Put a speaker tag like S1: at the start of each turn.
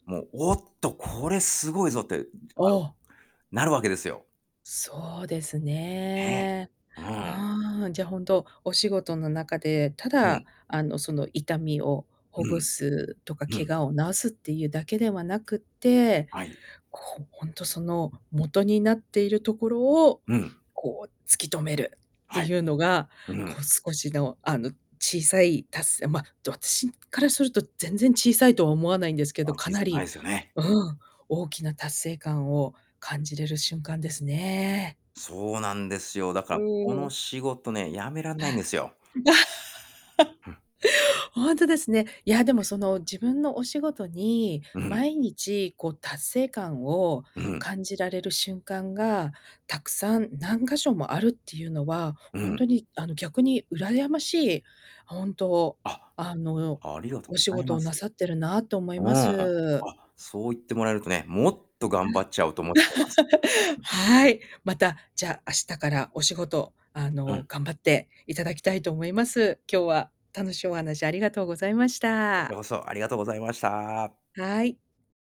S1: もう、「おっと、これすごいぞ」ってなる
S2: ああ。
S1: なるわけですよ！
S2: そうです
S1: ええ、
S2: ね。
S1: うん。
S2: うん、じゃ、本当、お仕事の中で、た
S1: う
S2: だ、
S1: ん。
S2: あの、その痛みをほ
S1: う
S2: ぐ
S1: ん。
S2: すとか、
S1: う
S2: 怪
S1: ん。
S2: 我を治すっていうだけではなくって、
S1: はい。
S2: こう、ほんとその元になっているところを、
S1: うん。
S2: こう突き止めるって
S1: はい。
S2: いうのが、
S1: う
S2: こ
S1: ん。
S2: う少しの、あの小さい達成まあ、どっちからすると全然小さいとは思わないんです
S1: ま
S2: け
S1: あ、
S2: ど、か
S1: 小
S2: な
S1: さくな
S2: り
S1: いすよね。
S2: う
S1: うん。
S2: ん、大きな達成感を感じれる瞬間ですね。
S1: そうなんですよ。だ
S2: う
S1: からこ
S2: ー
S1: の
S2: ん。
S1: 仕事ね、辞めらんない
S2: は
S1: ん
S2: い。
S1: ですよ。うん。
S2: ほんとですね。いや、でもその自分のお仕事に、
S1: うん。
S2: 毎日こう達成感を
S1: うん。
S2: 感じられる瞬間が、たくさん何箇所もあるっていうのは、
S1: う
S2: ほん
S1: ん。
S2: とにあの逆に羨ましい、ほんと
S1: あ、
S2: あの、
S1: ありがとう
S2: お
S1: ご
S2: 仕
S1: ざい
S2: 事
S1: ま
S2: を
S1: す。
S2: なさってるなと思い
S1: うん。
S2: ま
S1: あ、
S2: す。
S1: そう言ってもらえるとね、もっと
S2: うん。
S1: 頑張っちゃうと思ってます。
S2: はい。また、じゃ、明日からお仕事、あ
S1: う
S2: の、
S1: ん。
S2: 頑張っていただきたいと思います。今日は、楽しいお話ありがとうございまし
S1: こちら
S2: た。
S1: こそ、ありがとうございました。
S2: はい。